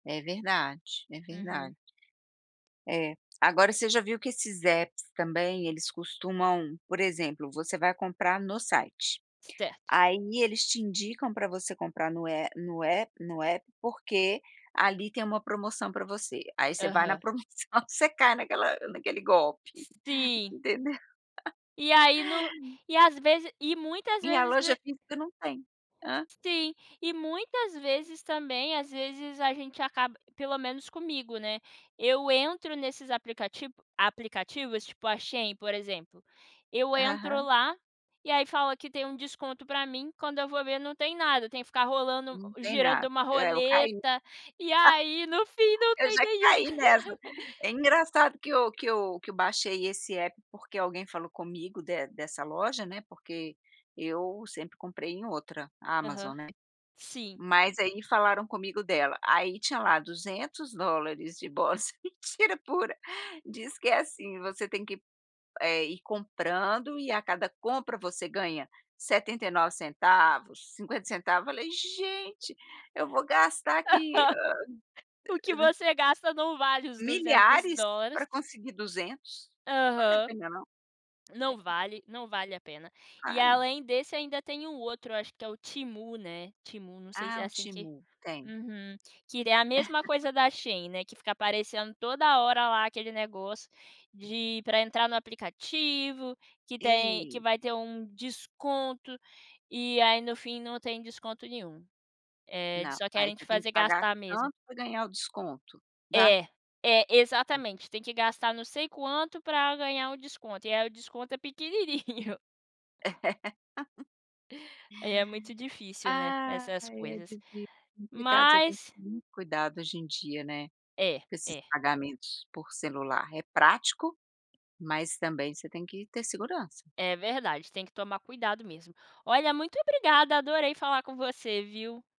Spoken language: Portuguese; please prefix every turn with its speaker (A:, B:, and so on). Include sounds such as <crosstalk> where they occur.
A: É verdade, é
B: Uhum.
A: verdade. É, agora você já viu que esses apps também, eles costumam, por exemplo, você vai comprar no site,
B: Certo.
A: aí eles te indicam pra você comprar no é no app no app, porque ali tem uma promoção pra você, aí você vai na
B: Aham.
A: promoção você cai naquela naquele golpe,
B: Sim.
A: entendeu.
B: E
A: <chuckles>
B: aí no e às vezes e muitas
A: Minha
B: vezes no
A: loja
B: e
A: física não tem, hã.
B: Sim, e muitas vezes também, às vezes, a gente acaba pelo menos comigo, né, eu entro nesses aplicativ aplicativos, tipo a Shein, por exemplo, eu entro
A: Aham.
B: lá, e aí fala que tem um desconto pra mim, quando eu vou ver não tem nada, eu tenho que ficar rolando
A: Não
B: o
A: tem
B: girando
A: nada,
B: uma
A: é eu caí. <chuckles>
B: roleta, e aí no fim não
A: Eu
B: tem
A: já
B: nenhum.
A: caí nessa,
B: <chuckles>
A: é engraçado que eu que eu que eu baixei esse app, porque alguém falou comigo de dessa loja, né, porque eu sempre comprei em outra,
B: Aham,
A: Amazon, né,
B: sim.
A: mas aí falaram comigo dela. Aí, tinha lá $200 de bolsa, mentira pura, diz que é assim: você tem que, eh, ir comprando e a cada compra você ganha 79 centavos, 50 centavos, falei: "Gente, eu vou gastar aqui,
B: Aham.
A: hã"
B: O que
A: <unintelligible>
B: você gasta, não vale os 200
A: "milhares
B: dólares.
A: pra conseguir 200, não vale a
B: Aham.
A: pena não".
B: Não
A: <unintelligible>
B: vale, não vale a pena. E,
A: Vale?
B: além desse, ainda tem um outro, eu acho que é o Temu, né, Temu, não sei se
A: Ah,
B: é
A: o
B: assim que
A: Temu, tem.
B: uhum. Que ele é a mesma
A: <chuckles>
B: coisa da Shein, né, que fica aparecendo toda hora lá aquele negócio de pra entrar no aplicativo, que tem que
A: E
B: vai ter um desconto, e aí no fim não tem desconto nenhum, eh,
A: Não,
B: só
A: aí
B: querem te
A: você tem que
B: fazer
A: pagar
B: gastar mesmo.
A: tanto, pra ganhar o desconto, dá?
B: É, é,
A: Hum.
B: exatamente. Tem que gastar não sei quanto, pra um ganhar o desconto, e aí o desconto é pequenininho.
A: <laughs>
B: É, é muito difícil, né, essas
A: Aí é
B: coisas.
A: difícil, complicado você tem que
B: Mas
A: ter muito cuidado, hoje em dia, né,
B: É,
A: com esses
B: é.
A: pagamentos por celular. É prático, mas também você tem que ter segurança.
B: É verdade, tem que tomar cuidado mesmo. Olha, muito obrigada, adorei falar com você, viu.